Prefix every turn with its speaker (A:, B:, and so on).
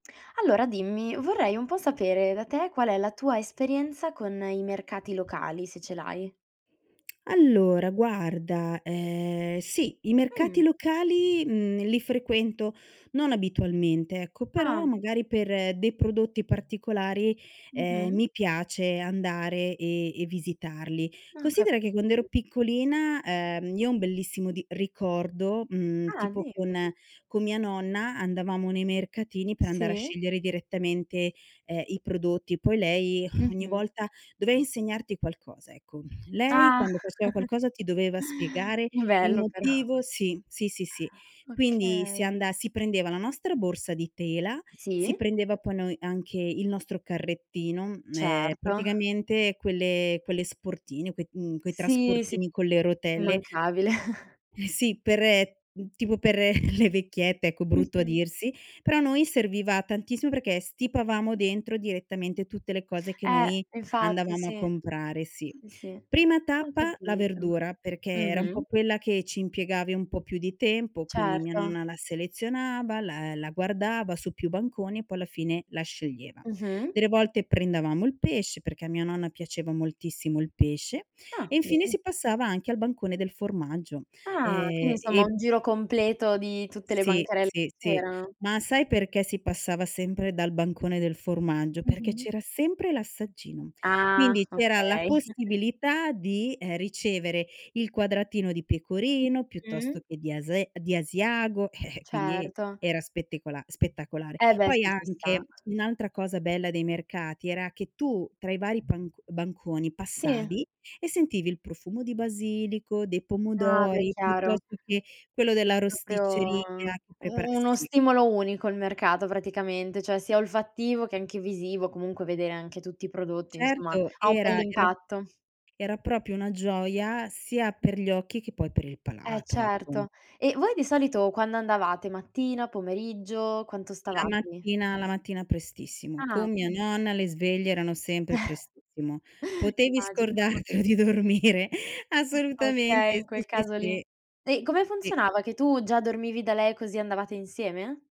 A: Allora, dimmi: vorrei un po' sapere da te qual è la tua esperienza con i mercati locali, se ce l'hai.
B: Allora, guarda, ehm, sì, i
A: Mh.
B: mercati locali, mhmm, li frequento non abitualmente, ecco. Però,
A: Ah.
B: magari, per dei prodotti particolari, ehm,
A: Mh-mh.
B: mi piace andare e e visitarli.
A: Ah, cap
B: Considera che quand'ero piccolina ehm, io ho un bellissimo di ricordo, mhmm,
A: Ah,
B: tipo
A: dimmi.
B: con con mia nonna andavamo nei mercatini per andare a
A: Sì.
B: scegliere direttamente, ehm, i prodotti. Poi lei ogni
A: Mh-mh.
B: volta, doveva insegnarti qualcosa, ecco. Lei,
A: Ah
B: quando faceva qualcosa, ti doveva spiegare il
A: Bello però.
B: motivo sì. Sì, sì, sì. Quindi si
A: Okay.
B: anda si prendeva la nostra borsa di tela, si
A: Sì.
B: prendeva poi, noi, anche il nostro carrettino, m ehm,
A: Certo.
B: praticamente quelle quelle sportine, quei mhmm, quei
A: Sì, sì.
B: trasportini con le rotelle
A: immancabile.
B: Sì, per mhmm, tipo per le vecchiette ecco brutto a
A: Mh-mh.
B: dirsi; però a noi serviva tantissimo perché stipavamo dentro direttamente tutte le cose che
A: Eh,
B: noi
A: infatti,
B: andavamo a
A: sì.
B: comprare, sì.
A: Sì, sì,
B: Prima
A: ho
B: tappa la
A: capito.
B: verdura, perché era un po'
A: Mh-mh.
B: quella che ci impiegavi un po' più di tempo, quindi mia
A: Certo
B: nonna la selezionava, la la guardava su più banconi e poi alla fine la sceglieva.
A: Mh-mh.
B: Delle volte prendevamo il pesce- perché a mia nonna piaceva moltissimo il pesce-
A: Ah,
B: e infine
A: bene.
B: si passava anche al bancone del formaggio.
A: Ah!
B: Ehm,
A: Quindi insomma,
B: e
A: un giro completo di tutte le
B: Si.
A: bancarel
B: Sì,
A: che
B: sì.
A: c'erano.
B: Ma sai perché si passava sempre dal bancone del formaggio? Perché
A: Mh-mh.
B: c'era sempre l'assaggino;
A: Ah,
B: quindi c'era la
A: okay.
B: possibilità di, ehm, ricevere il quadratino di pecorino, piuttosto
A: Mh-mh.
B: che di ase di asiago, quindi
A: Certo.
B: era spettecola spettacolare.
A: Eh, beh,
B: Poi
A: sì ci sta.
B: anche un'altra cosa bella dei mercati era che tu, tra i vari panc banconi,
A: Si.
B: passavi e sentivi il profumo di basilico, dei
A: Ah, beh,
B: pomodori,
A: chiaro.
B: piuttosto che quello della
A: È proprio
B: rosticceria che prepara
A: u uno
B: sì.
A: stimolo unico il mercato, praticamente, cioè sia olfattivo che anche visivo, comunque vedere anche tutti i prodotti, insomma,
B: Certo,
A: ha un
B: era era
A: bell'impatto.
B: era proprio una gioia sia per gli occhi che, poi, per il
A: Eh
B: palato, ecco.
A: certo. E voi di solito quando andavate? Mattina? Pomeriggio? Quanto
B: La
A: stavate lì?
B: mattina la mattina prestissimo.
A: Ah.
B: Con mia nonna le sveglie erano sempre prestissimo. Potevi
A: Immagino.
B: scordartelo di dormire.
A: [unintelligible] Okay,
B: Assolutamente,
A: in
B: si,
A: quel
B: si,
A: caso lì.
B: si.
A: E come
B: Sì.
A: funzionava? Che tu già dormivi da lei così andavate insieme?